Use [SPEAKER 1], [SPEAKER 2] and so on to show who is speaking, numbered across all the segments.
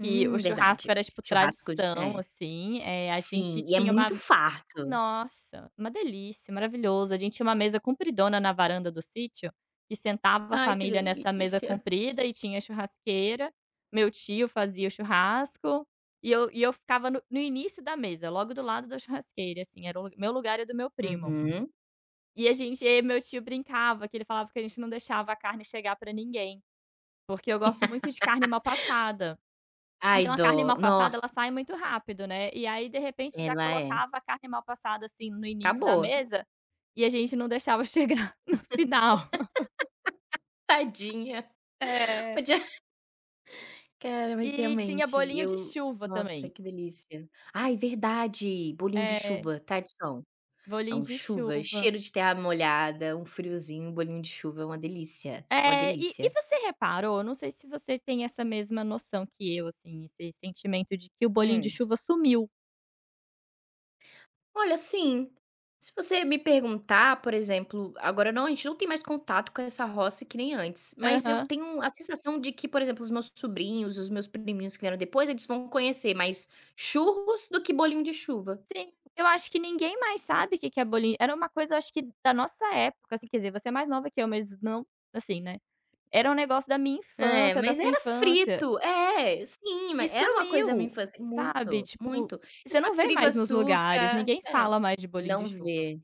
[SPEAKER 1] Que o churrasco
[SPEAKER 2] verdade.
[SPEAKER 1] era, tipo,
[SPEAKER 2] Churrasco d
[SPEAKER 1] tradição,
[SPEAKER 2] é.
[SPEAKER 1] assim, eh, a gente
[SPEAKER 2] Sim, e é
[SPEAKER 1] tinha uma
[SPEAKER 2] muito farto.
[SPEAKER 1] nossa. Uma delícia, maravilhoso, a gente tinha uma mesa compridona na varanda do sítio, que sentava a
[SPEAKER 2] Ai, que
[SPEAKER 1] família nessa mesa
[SPEAKER 2] delícia!
[SPEAKER 1] comprida e tinha churrasqueira, meu tio fazia o churrasco, e eu e eu ficava no no início da mesa, logo do lado da churrasqueira, assim, era o meu lugar e o do meu primo.
[SPEAKER 2] Uhum.
[SPEAKER 1] E a gente e aí meu tio brincava, que ele falava que a gente não deixava a carne chegar pra ninguém. Porque eu gosto muito de carne mal passada.
[SPEAKER 2] Ai,
[SPEAKER 1] Então a carne
[SPEAKER 2] dó,
[SPEAKER 1] mal passada,
[SPEAKER 2] nossa.
[SPEAKER 1] ela sai muito rápido, né. E aí, de repente, já
[SPEAKER 2] Ela é.
[SPEAKER 1] colocava a carne mal passada, assim, no início da
[SPEAKER 2] Acabou.
[SPEAKER 1] mesa e a gente não deixava chegar no final.
[SPEAKER 2] Tadinha. O
[SPEAKER 1] É.
[SPEAKER 2] dia Cara, mas,
[SPEAKER 1] E tinha
[SPEAKER 2] realmente,
[SPEAKER 1] bolinho de
[SPEAKER 2] eu
[SPEAKER 1] chuva
[SPEAKER 2] nossa,
[SPEAKER 1] também.
[SPEAKER 2] que delícia. Ai, verdade! Bolinho de
[SPEAKER 1] É.
[SPEAKER 2] chuva, tradição.
[SPEAKER 1] Bolinho
[SPEAKER 2] Não,
[SPEAKER 1] de
[SPEAKER 2] chuva,
[SPEAKER 1] chuva.
[SPEAKER 2] cheiro de terra molhada, um friozinho, um bolinho de chuva, uma delícia. Uma
[SPEAKER 1] É! E e
[SPEAKER 2] delícia.
[SPEAKER 1] você reparou não sei se você tem essa mesma noção que eu, assim, esse sentimento de que o bolinho de
[SPEAKER 2] Hum.
[SPEAKER 1] chuva sumiu.
[SPEAKER 2] Olha, sim. Se você me perguntar, por exemplo, agora não a gente não tem mais contato com essa roça que nem antes. Mas eu
[SPEAKER 1] Aham.
[SPEAKER 2] tenho a sensação de que, por exemplo, os meus sobrinhos, os meus priminhos que vieram depois, eles vão conhecer mais churros do que bolinho de chuva.
[SPEAKER 1] Sim. Eu acho que ninguém mais sabe o que que é bolinho era uma coisa acho que da nossa época, assim quer dizer, você é mais nova que eu mas não assim, né. Era um negócio da minha
[SPEAKER 2] É,
[SPEAKER 1] infância, da
[SPEAKER 2] mas
[SPEAKER 1] sua
[SPEAKER 2] era
[SPEAKER 1] infância.
[SPEAKER 2] frito. É! Sim, ma
[SPEAKER 1] E
[SPEAKER 2] é uma coisa da minha
[SPEAKER 1] sumiu!
[SPEAKER 2] infância
[SPEAKER 1] Sabe,
[SPEAKER 2] muito,
[SPEAKER 1] tipo,
[SPEAKER 2] muito. É
[SPEAKER 1] você
[SPEAKER 2] só
[SPEAKER 1] não vê
[SPEAKER 2] trigo,
[SPEAKER 1] mais nos lugares,
[SPEAKER 2] açúcar
[SPEAKER 1] ninguém
[SPEAKER 2] é.
[SPEAKER 1] fala mais de bolinho de
[SPEAKER 2] Não
[SPEAKER 1] chuva.
[SPEAKER 2] vê.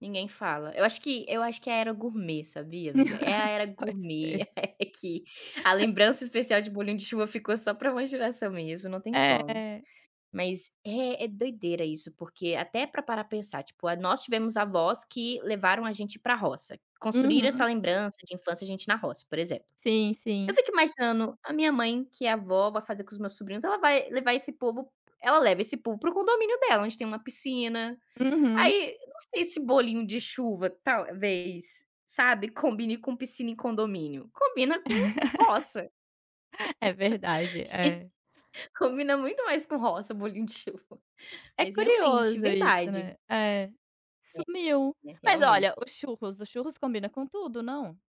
[SPEAKER 2] Ninguém fala. Eu acho que eu acho que é a era gourmet, sabia, amiga. É a era
[SPEAKER 1] Pode
[SPEAKER 2] gourmet,
[SPEAKER 1] ser.
[SPEAKER 2] é que a lembrança especial de bolinho de chuva ficou só pra uma geração mesmo, não tem como.
[SPEAKER 1] É.
[SPEAKER 2] Mas é é doideira isso porque, até pra parar pra pensar, tipo, nós tivemos avós que levaram a gente pra roça. Construíram essa
[SPEAKER 1] Uhum.
[SPEAKER 2] lembrança de infância, a gente na roça, por exemplo.
[SPEAKER 1] Sim,
[SPEAKER 2] Eu
[SPEAKER 1] sim.
[SPEAKER 2] fico imaginando, a minha mãe, que é avó, vai fazer com os meus sobrinhos, ela vai levar esse povo ela leva esse povo para o condomínio dela, onde tem uma piscina.
[SPEAKER 1] Uhum.
[SPEAKER 2] Aí, não sei se bolinho de chuva talvez, sabe, combine com piscina e condomínio. Combina com roça.
[SPEAKER 1] É verdade, é.
[SPEAKER 2] E combina muito mais com roça, bolinho de chuva.
[SPEAKER 1] É
[SPEAKER 2] Mas realmente,
[SPEAKER 1] curioso isso,
[SPEAKER 2] verdade.
[SPEAKER 1] né. É,
[SPEAKER 2] É,
[SPEAKER 1] sumiu.
[SPEAKER 2] né.
[SPEAKER 1] Mas olha,
[SPEAKER 2] Realmente.
[SPEAKER 1] os churros. Os churros combina com tudo, não?